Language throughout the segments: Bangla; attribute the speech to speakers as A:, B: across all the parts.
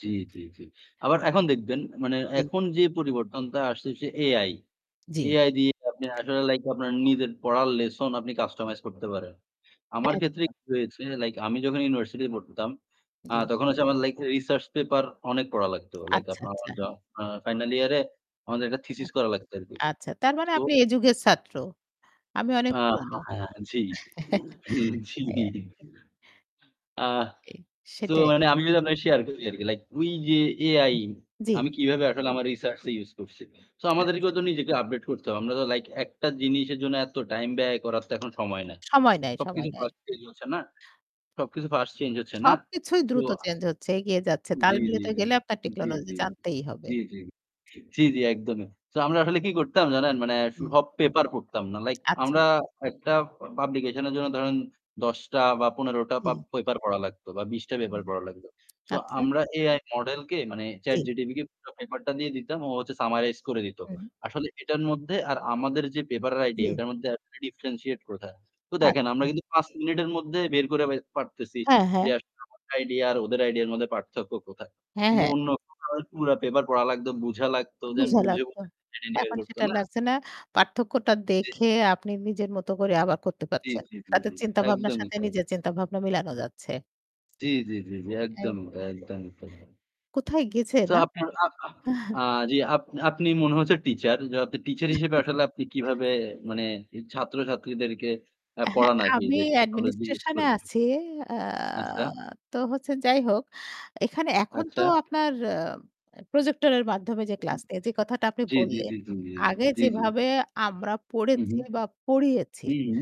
A: জ্বি, জ্বি, জি। আবার এখন দেখবেন মানে
B: জি।
A: এখন যে পরিবর্তনটা আসতেছে AI।
B: জ্বি।
A: AI দিয়ে আপনে আসলে লাইক আপনার নিজের পড়ার লেসন আপনি কাস্টমাইজ করতে পারেন। আমার ক্ষেত্রে
B: একদম।
A: কি হয়েছে লাইক আমি যখন ইউনিভার্সিটি তে পড়তাম, আ
B: জ্বী।
A: তখন হচ্ছে আমার লাইক রিসার্চ পেপার অনেক পড়া লাগতো। লাইক
B: আচ্ছা,
A: আপনার
B: আচ্ছা।
A: যখন ফাইনাল ইয়ারে আমাদের একটা
B: আ
A: থিসিস করা লাগতো আরকি।
B: আচ্ছা তার মানে
A: তো
B: আপনি এ যুগের ছাত্র। আমি অনেক
A: আ
B: পুরনো।
A: হ্যাঁ, হ্যাঁ, জি। হুম, জি।
B: হ্যাঁ।
A: আ
B: কি,
A: সো
B: সেটাই।
A: মানে আমি যদি আপনাকে শেয়ার করি আরকি। লাইক ওই যে AI
B: উম জ্বি।
A: আমি কিভাবে আসলে আমার রিসার্চ টা ইউস করছি। সো আমাদেরকেও
B: আচ্ছা।
A: তো নিজেকে আপডেট করতে হবে। আমরা তো লাইক একটা জিনিসের জন্য এত টাইম ব্যয় করার তো এখন সময় নাই।
B: সময় নেয়, সময়
A: সবকিছু
B: নেয়।
A: ফাস্ট চেঞ্জ হচ্ছে না সবকিছু ফাস্ট চেঞ্জ হচ্ছে না?
B: সবকিছুই
A: সো,
B: দ্রুত চেঞ্জ হচ্ছে, এগিয়ে যাচ্ছে। তাল
A: জি, জি,
B: মিলতে
A: জি।
B: গেলে আপনার
A: জি,
B: টেকনোলজি
A: জি।
B: জানতেই হবে।
A: জি, জি। জি, জি, একদমই। তো আমরা আসলে কি করতাম জানেন? মানে
B: জি।
A: সব পেপার পড়তাম না। লাইক
B: আচ্ছা।
A: আমরা একটা পাবলিকেশন এর জন্য ধরেন ১০ টা বা ১৫ টা পা
B: জি।
A: পেপার পড়া লাগতো বা ২০টা
B: হুম।
A: পেপার পড়া লাগতো। সো
B: আচ্ছা।
A: আমরা AI মডেল কে মানে Chat
B: জ্বী।
A: GTP কে পুরা পেপারটা দিয়ে দিতাম, ও হচ্ছে সামারাইজ করে দিত।
B: হুম।
A: আসলে এটার মধ্যে আর আমাদের যে পেপারের আইডিয়া
B: জ্বী।
A: এটার মধ্যে differentiate কোথায়? তো দেখেন আমরা
B: আচ্ছা।
A: কিন্তু ৫ মিনিটের মধ্যে বের করে পারতেছি
B: হ্যাঁ,
A: যে
B: হ্যাঁ।
A: আমার আইডিয়া আর ওদের আইডিয়া এর মধ্যে পার্থক্য কোথায়।
B: হ্যাঁ,
A: কিন্তু
B: হ্যাঁ।
A: অন্যরা পুরো পেপার পড়া লাগতো, বুঝা লাগতো দেন
B: বুঝা
A: বুঝে,
B: লাগতো।
A: বুঝে [unintelligible]
B: এখন
A: করতো
B: সেটা
A: না?
B: লাগছে না। পার্থক্যটা
A: জ্বী।
B: দেখে আপনি নিজের মত করে আবার করতে
A: জ্বি,
B: পারছেন।
A: জি, জি,
B: তাদের
A: জি।
B: চিন্তাভাবনার
A: একদমই
B: সাথে
A: তাই।
B: নিজের চিন্তাভাবনা মিলানো যাচ্ছে।
A: জ্বি, জি, জি, জি।
B: এই
A: একদমই তাই, একদমই তাই।
B: কোথায় গেছে
A: তো
B: না?
A: আপনার আ আ জ্বি আপ আপনি মনে হচ্ছে টিচার। যে টিচার হিসেবে আসলে আপনি কিভাবে মানে ছাত্রছাত্রীদেরকে আ
B: হ্যাঁ,
A: পড়ান আরকি
B: আমি
A: যে টেকনোলজি ইউস
B: অ্যাডমিনিস্ট্রেশন এ
A: করে?
B: আছি। আ
A: আচ্ছা।
B: তো হচ্ছে, যাই হোক এখানে এখন
A: আচ্ছা।
B: তো আপনার আ প্রজেক্টর এর মাধ্যমে যে ক্লাস
A: [unintelligible]
B: নিয়ে যে কথাটা আপনি
A: জ্বী, জ্বী,
B: বললেন,
A: জ্বী, জ্বী, জ্বী।
B: আগে
A: জি, জি।
B: যেভাবে আমরা
A: হুম,
B: পড়েছি
A: হুম।
B: বা পড়িয়েছি
A: হুম।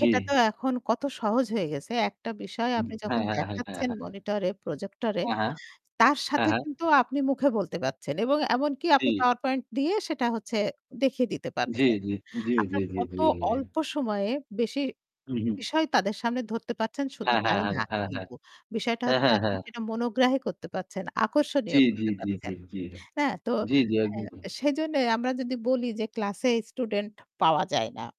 A: জ্বি।
B: তো এখন কত সহজ হয়ে গেছে। একটা বিষয়
A: হুম।
B: আপনি
A: হ্যাঁ,
B: যখন
A: হ্যাঁ, হ্যাঁ, হ্যাঁ,
B: দেখাচ্ছেন
A: হ্যাঁ।
B: মনিটরে, প্রজেক্টরে,
A: হ্যাঁ, হ্যাঁ।
B: তার
A: হ্যাঁ,
B: সাথে
A: হ্যাঁ।
B: কিন্তু আপনি মুখে বলতে পারছেন। এবং এমনকি আপনি
A: জি।
B: পাওয়ার পয়েন্ট দিয়ে সেটা হচ্ছে দেখিয়ে দিতে
A: জ্বী,
B: পারছেন।
A: জ্বী। জ্বী,
B: আপনার
A: জ্বী, জ্বী,
B: কত
A: জ্বী, জ্বী।
B: অল্প সময়ে বেশি
A: হুম, হুম।
B: বিষয় তাদের সামনে ধরতে পারছেন শুধু
A: হ্যাঁ, হ্যাঁ,
B: তাই
A: হ্যাঁ।
B: না
A: হ্যাঁ, হ্যাঁ।
B: কিন্তু। বিষয়টা
A: হ্যাঁ,
B: হচ্ছে
A: হ্যাঁ,
B: আপনি
A: হ্যাঁ।
B: সেটা মনোগ্রাহ করতে পারছেন। আকর্ষণীয়
A: জ্বী, জ্বী,
B: করতে
A: জ্বী,
B: পারছেন।
A: জ্বী, জ্বী।
B: হ্যাঁ? তো
A: জ্বী, জ্বী,
B: এ
A: একদমই।
B: সেইজন্য আমরা যদি বলি যে ক্লাসে স্টুডেন্ট পাওয়া যায় না